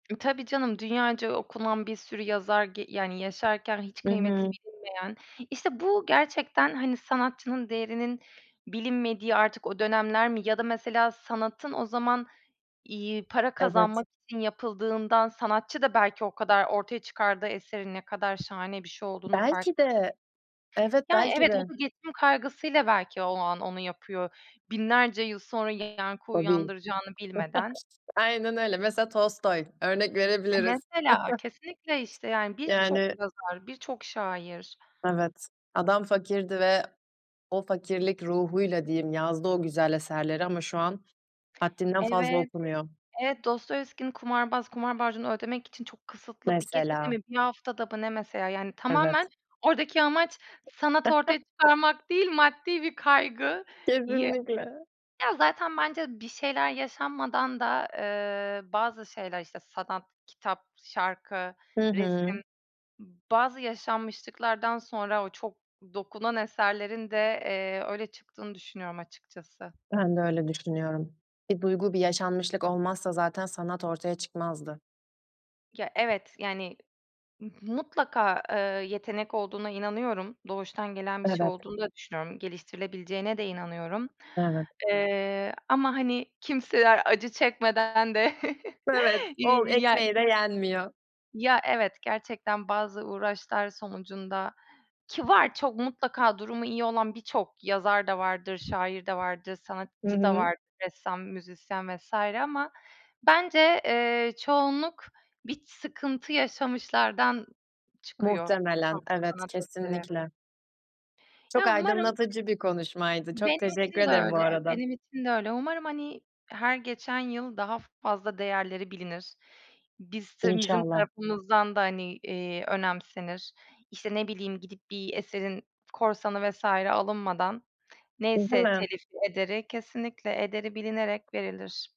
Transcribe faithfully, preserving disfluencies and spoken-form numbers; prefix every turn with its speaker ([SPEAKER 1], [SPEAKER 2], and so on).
[SPEAKER 1] E, tabii canım, dünyaca okunan bir sürü yazar ge yani, yaşarken hiç
[SPEAKER 2] Hı
[SPEAKER 1] kıymeti
[SPEAKER 2] hı.
[SPEAKER 1] bilinmeyen. İşte, bu gerçekten, hani, sanatçının değerinin bilinmediği artık o dönemler mi ya da, mesela, sanatın o zaman, iii, para
[SPEAKER 2] Evet.
[SPEAKER 1] kazanmak için yapıldığından sanatçı da belki o kadar ortaya çıkardığı eserin ne kadar şahane bir şey olduğunun farkında
[SPEAKER 2] Belki
[SPEAKER 1] [unintelligible]
[SPEAKER 2] de. Evet,
[SPEAKER 1] Yani,
[SPEAKER 2] belki
[SPEAKER 1] evet. O
[SPEAKER 2] de.
[SPEAKER 1] da geçim kaygısıyla belki o an onu yapıyor. binlerce yıl sonra yankı
[SPEAKER 2] Tabii.
[SPEAKER 1] uyandıracağını bilmeden.
[SPEAKER 2] Aynen öyle. Mesela, Tolstoy örnek
[SPEAKER 1] E,
[SPEAKER 2] verebiliriz.
[SPEAKER 1] mesela. Kesinlikle, işte, yani, birçok
[SPEAKER 2] Yani
[SPEAKER 1] yazar, birçok şair.
[SPEAKER 2] Evet, adam fakirdi ve o fakirlik ruhuyla diyeyim yazdı o güzel eserleri ama şu an haddinden fazla
[SPEAKER 1] Evet,
[SPEAKER 2] okunuyor.
[SPEAKER 1] evet. Dostoyevski'nin "Kumarbaz." Kumar borcunu ödemek için çok kısıtlı bir gecede
[SPEAKER 2] Mesela.
[SPEAKER 1] mi, bir haftada mı ne, mesela, yani,
[SPEAKER 2] Evet.
[SPEAKER 1] tamamen oradaki amaç sanat ortaya çıkarmak değil, maddi bir kaygıyı
[SPEAKER 2] Kesinlikle.
[SPEAKER 1] Ya, zaten bence bir şeyler yaşanmadan da, eee, bazı şeyler, işte, sanat, kitap, şarkı,
[SPEAKER 2] Hı
[SPEAKER 1] resim,
[SPEAKER 2] hı.
[SPEAKER 1] b bazı yaşanmışlıklardan sonra o çok dokunan eserlerin de, eee, öyle çıktığını düşünüyorum açıkçası.
[SPEAKER 2] Ben de öyle düşünüyorum. Bir duygu, bir yaşanmışlık olmazsa zaten sanat ortaya çıkmazdı.
[SPEAKER 1] Ge evet, yani, m mutlaka, eee, yetenek olduğuna inanıyorum. Doğuştan gelen bir şey
[SPEAKER 2] Evet.
[SPEAKER 1] olduğunu da düşünüyorum. Geliştirilebileceğine de inanıyorum.
[SPEAKER 2] Evet.
[SPEAKER 1] Eee, ama, hani, kimseler acı çekmeden de
[SPEAKER 2] Evet, ol
[SPEAKER 1] iii, ya
[SPEAKER 2] ekmeği de yenmiyor.
[SPEAKER 1] Ya, evet gerçekten bazı uğraşlar sonucunda Ki var çok mutlaka durumu iyi olan birçok yazar da vardır şair de vardır,
[SPEAKER 2] Hı
[SPEAKER 1] sanatçı da
[SPEAKER 2] hı.
[SPEAKER 1] vardır, ressam, müzisyen vs. ama bence, eee, çoğunluk bir sıkıntı yaşamışlardan çıkıyor
[SPEAKER 2] Muhtemelen,
[SPEAKER 1] çok
[SPEAKER 2] evet,
[SPEAKER 1] sanat eseri.
[SPEAKER 2] kesinlikle. Çok
[SPEAKER 1] Ya, umarım.
[SPEAKER 2] aydınlatıcı bir konuşmaydı, çok
[SPEAKER 1] Benim
[SPEAKER 2] teşekkür
[SPEAKER 1] için de
[SPEAKER 2] ederim bu
[SPEAKER 1] öyle,
[SPEAKER 2] arada.
[SPEAKER 1] benim için de öyle. Umarım, hani, her geçen yıl daha fazla değerleri bilinir. Biz s bizim
[SPEAKER 2] İnşallah.
[SPEAKER 1] tarafımızdan da, hani, iii, önemsenir. İşte, ne bileyim, gidip bir eserin korsanı vs. alınmadan neyse
[SPEAKER 2] [unintelligible]
[SPEAKER 1] telif ederi, kesinlikle ederi bilinerek verilir.